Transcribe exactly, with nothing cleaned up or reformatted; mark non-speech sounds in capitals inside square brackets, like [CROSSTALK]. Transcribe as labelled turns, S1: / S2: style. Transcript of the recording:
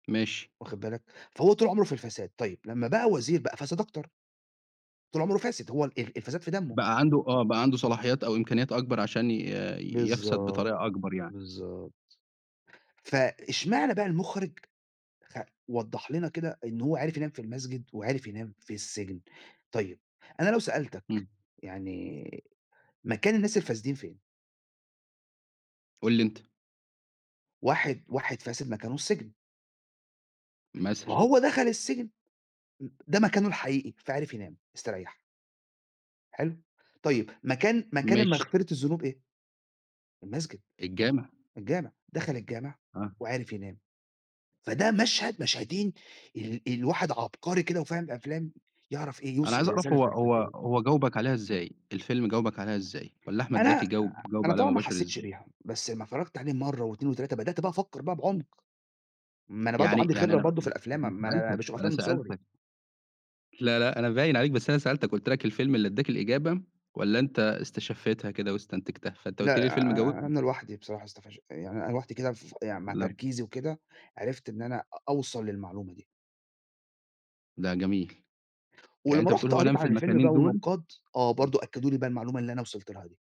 S1: ماشي.
S2: واخد بالك، فهو طول عمره في الفساد، طيب لمّا بقى وزير بقى فساد أكتر. طول عمره فاسد هو ال الفساد في دمه.
S1: بقى عنده آه، بقى عنده صلاحيات أو إمكانيات أكبر عشان ي يَفسَد
S2: بالضبط،
S1: بطريقة أكبر يعني.
S2: بالضبط، فاشمعنى بقى المُخرِج خ وضّح لنا كده إن هو عرِف ينام في المسجد، وعرِف ينام في السجن، طيب أنا لو سألتك،
S1: إمم.
S2: يعني مكان الناس الفاسدين فين؟
S1: قُل لي أنت.
S2: واحد واحد فاسد مكانه السجن. ما
S1: مثلًا.
S2: هو دخل السجن، إ ده مكانه الحقيقي، فعرف ينام، استريَّح. حلو، طيب مكان مكان
S1: ماشي.
S2: المغفرة الذنوب إيه؟ المسجد،
S1: الجامع.
S2: الجامع، دخَل الجامع
S1: آه.
S2: وعرِف ينام، فده مشهد مشهدين، ال الواحد عبقري كده وفاهم أفلام، يعرف إيه،
S1: أنا
S2: يوصل
S1: عايز أعرف
S2: الرسالة
S1: هو هو
S2: الفلسفية.
S1: هو جاوبك عليها إزاي؟ الفيلم، جاوبك عليها إزاي؟ والّا أحمد
S2: أنا أ
S1: زكي
S2: أ
S1: جاوب جاوب
S2: أنا
S1: عليها
S2: طبعًا ما
S1: مباشر
S2: حسّيتش
S1: إزاي؟
S2: بيها، بس أمّا اتفرّجت عليه مَرّة واتنين وتلاتة، بدأت بقى أفكر بقى بعمق، ما أنا برضه
S1: يعني
S2: عندي
S1: يعني
S2: خبرة
S1: أنا
S2: برضه في الأفلام م
S1: [UNINTELLIGIBLE]
S2: ما
S1: ما أنا
S2: أنا
S1: سألتَك،
S2: باشوف
S1: ما أنا
S2: أفلام من صغري.
S1: سألتَك. لا، لأ أنا باين عليك بس أنا سألتَك، قُلت لَك الفيلم اللي أداك الإجابة، والّا أنت استشفيتها كده واستنتجها، فأنت
S2: لأ
S1: قُلت لي
S2: أ
S1: الفيلم
S2: أ أ
S1: جاوبني.
S2: أنا لوحدي بصراحة استفش يعني أنا لوحدي كده ف يعني مع
S1: لأ.
S2: تركيزي وكده، عرفت إن أنا أ أوصل للمعلومة دي.
S1: ده جميل، يعني
S2: ولمّا
S1: أنت بتقول
S2: رُحت
S1: هو
S2: قريت
S1: نام في
S2: عن الفيلم
S1: المكانين
S2: بقى
S1: دُول؟
S2: والنقاد، آه،
S1: [UNINTELLIGIBLE]
S2: برضه أكدّوا لي بقى المعلومة اللي أنا وصِلت لها دي.